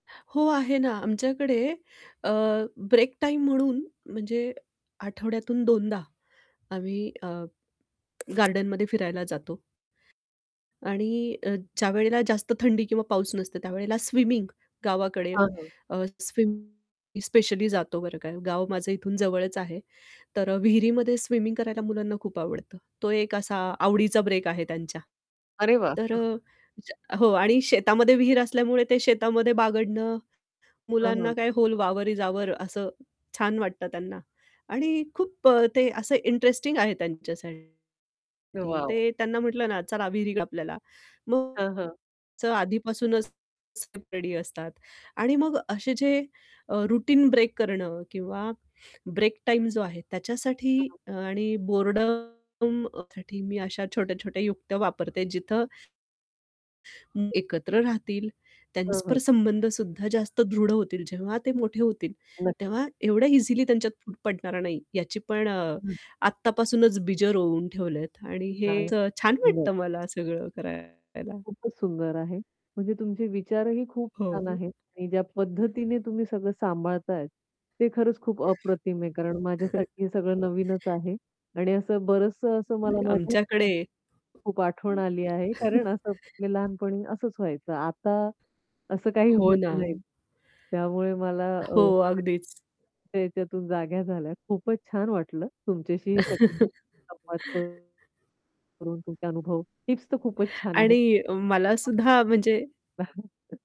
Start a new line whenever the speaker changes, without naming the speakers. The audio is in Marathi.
हो आहे ना, आमच्याकडे अ, ब्रेक टाईम म्हणून म्हणजे आठवड्यातून 2 दा आम्ही अ, गार्डनमध्ये फिरायला जातो. आणि अ, ज्यावेळेला जास्त थंडी किंवा पाऊस नसतं त्यावेळेला स्विमिंग गावाकडे
हां, हां.
अ, स्विम स्पेशली जातो, बरं का, गाव माझं इथून जवळच आहे. तर अ, विहिरीमध्ये स्विमिंग करायला मुलांना खूप आवडतं. तो एक असा आवडीचा ब्रेक आहे त्यांच्या.
अरे वाह!
तर अ, ज्या हो आणि शेतामध्ये विहीर असल्यामुळे ते शेतामध्ये बागडणं,
हं, हं.
मुलांना काय व्होल वावर इस अवर असं छान वाटतं त्यांना. आणि खूप अ, ते असं इंटरेस्टिंग आहे त्यांच्या त्यांच्यासाठी
वॉव!
ते त्यांना म्हटलं ना, चला विहिर आपल्याला. मग
हां, हां.
आधीपासूनच [unintelligible] रेडी असतात. आणि मग असे जे अ, रुटीन ब्रेक करणं किंवा ब्रेक टाईम जो आहे त्याच्यासाठी अ, आणि बोर्डमसाठी मी अशा छोट्या-छोट्या युक्त्या वापरते जिथं [unintelligible] एकत्र राहतील, त्यां
हं, हं.
परस्पर संबंध सुद्धा जास्त दृढ होतील. जेव्हा ते मोठे होतील,
नक्क
तेव्हा एवढ्या इझिली त्यांच्यात पडणार नाही याची पण अ,
हं.
आत्तापासूनच बीजं रोवून ठेवल्यात आणि हे असं छान
[unintelligible]
वाटतं मला सगळं करायला.
खूपच सुंदर आहे, म्हणजे तुमचे विचारही खूप छान
हो.
आहेत आणि ज्या पद्धतीने तुम्ही सगळं सांभाळताय, ते खरंच खूप अप्रतिम आहे कारण माझ्यासाठी हे सगळं नवीनच आहे आणि असं बरचसं असं मला माझ्या
आमच्याकडे
[unintelligible] खूप आठवण आली आहे कारण असंच हे लहानपणी असंच व्हायचं, आता असं काही
हो
होत
ना.
नाही. त्यामुळे मला अ,
हो,
[unintelligible]
अगदीच.
त्याच्यातून जाग्या झाल्या. खूपच छान वाटलं तुमच्याशी हे सगळे संवाद करून. तुमचे अनुभव. टिप्स तर खूपच छान आहेत.
आणि अ, मला
[unintelligible]
सुद्धा म्हणजे